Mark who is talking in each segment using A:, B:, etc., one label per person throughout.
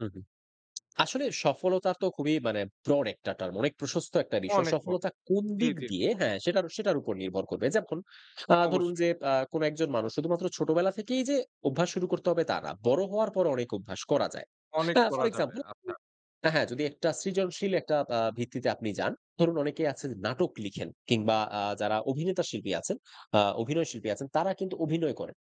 A: হু, হু। আসলে সফলতা তো খুবই মানে ব্রড একটা টার্ম, অনেক প্রশস্ত একটা বিষয়।
B: অনেক পর।
A: সফলতা কোন
B: জ্বী,
A: দিক
B: জ্বী,
A: দিয়ে
B: জ্বী।
A: হ্যাঁ, সেটারও, সেটার উপর নির্ভর করবে। যেমন আ ধরুন
B: অবশ্যই।
A: যে, আ কোন একজন মানুষ, শুধুমাত্র ছোটবেলা থেকেই যে, অভ্যাস শুরু করতে হবে তা না। বড় হওয়ার পরও অনেক অভ্যাস করা যায়।
B: অনেক
A: হ্যাঁ, ফর
B: করা যাবে,
A: এক্সাম্পল
B: আচ্ছা।
A: হ্যাঁ, হ্যাঁ, যদি একটা সৃজনশীল, একটা আ ভিত্তিতে আপনি যান। ধরুন, অনেকেই আছে নাটক লিখেন কিংবা আ যারা অভিনেতা শিল্পী আছেন, আ অভিনয় শিল্পী আছেন, তারা কিন্তু অভিনয় করেন।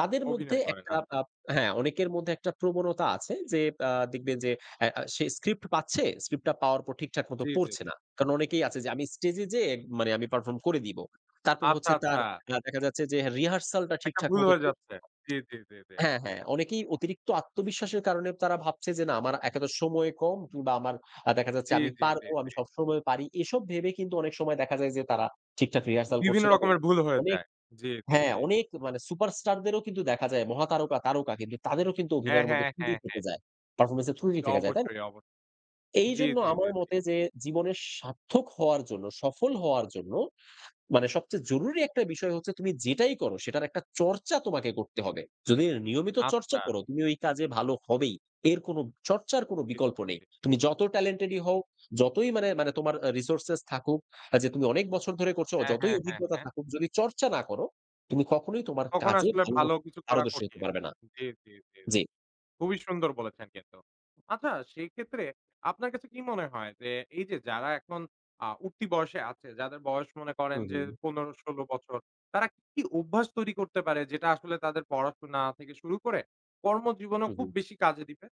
A: তাদের মধ্যে
B: অভিনয় করেন,
A: একটা
B: আচ্ছা।
A: আপ হ্যাঁ, অনেকের মধ্যে একটা প্রবণতা আছে যে, আ দেখবেন যে, অ্যা আ সে স্ক্রিপ্ট পাচ্ছে, স্ক্রিপ্ট টা পাওয়ার পর ঠিকঠাক মতো
B: জি, জি,
A: পড়ছে
B: জি।
A: না। কারণ অনেকেই আছে যে, "আমি স্টেজ এ যেয়ে মানে আমি পারফর্ম করে দিবো"। তারপর
B: আচ্ছা,
A: হচ্ছে
B: আচ্ছা।
A: তার আ দেখা যাচ্ছে যে, রিহার্সাল টা
B: একটা
A: ঠিকঠাক
B: ভুল
A: মতো
B: হয়ে
A: করছে না।
B: যাচ্ছে। জি, জি, জি, জি।
A: হ্যাঁ, হ্যাঁ, অনেকেই অতিরিক্ত আত্মবিশ্বাসের কারণে তারা ভাবছে যে, "না, আমার একে তো সময় কম কিংবা আমার আ দেখা যাচ্ছে,
B: জি,
A: আমি
B: জি, জি,
A: পারবো আমি
B: জি।
A: সবসময় পারি।" এসব ভেবে কিন্তু অনেক সময় দেখা যায় যে, তারা ঠিকঠাক রিহার্সাল করছে
B: বিভিন্ন
A: না
B: রকমের
A: বলে।
B: ভুল হয়ে
A: অনেক
B: যায়। জি, জি,
A: হ্যাঁ,
B: জি।
A: অনেক মানে সুপার স্টার দেরও কিন্তু দেখা যায়, মহাতারকা, তারকা কিন্তু তাদেরও কিন্তু
B: হ্যাঁ,
A: অভিনয়ের মধ্যে
B: হ্যাঁ,
A: ত্রুটি
B: হ্যাঁ,
A: থেকে
B: হ্যাঁ।
A: যায়। পারফরম্যান্স এর ত্রুটি থেকে যায়, তাই না?
B: অবশ্যই, অবশ্যই। জি,
A: এইজন্য
B: জি, জি,
A: আমার
B: জি।
A: মতে যে, জীবনের সার্থক হওয়ার জন্য, সফল হওয়ার জন্য মানে সবচেয়ে জরুরি একটা বিষয় হচ্ছে, তুমি যেটাই করো, সেটার একটা চর্চা তোমাকে করতে হবে। যদি নিয়মিত চর্চা
B: আচ্ছা।
A: করো, তুমি ওই কাজে ভালো হবেই, এর কোন, চর্চার কোন
B: জি,
A: বিকল্প
B: জি,
A: নেই।
B: জি।
A: তুমি যত টেলেন্টেডই হও, যতই মানে, মানে তোমার অ্যা রিসোর্স থাকুক, অ্যা যে তুমি অনেক বছর ধরে করছ,
B: হ্যাঁ,
A: যতই
B: হ্যাঁ, হ্যাঁ,
A: অভিজ্ঞতা
B: হ্যাঁ।
A: থাকুক, যদি চর্চা না করো, তুমি কখনোই তোমার
B: তখন
A: কাজে
B: আসলে
A: ভালো
B: ভালো
A: মত
B: কিছু করা
A: পারদর্শী হতে
B: কঠিন।
A: পারবে না।
B: জি, জি, জি, জি।
A: জি।
B: খুবই সুন্দর বলেছেন কিন্তু। আচ্ছা, সেইক্ষেত্রে আপনার কাছে কি মনে হয় যে, এই যে যারা এখন আ উঠতি বয়সে আছে, যাদের বয়স মনে
A: হু,
B: করেন যে,
A: হু।
B: ১৫-১৬ বছর, তারা কি অভ্যাস তৈরি করতে পারে, যেটা আসলে তাদের পড়াশোনা থেকে শুরু করে, কর্ম জীবনেও
A: হু,
B: খুব
A: হু।
B: বেশি কাজে দিবে?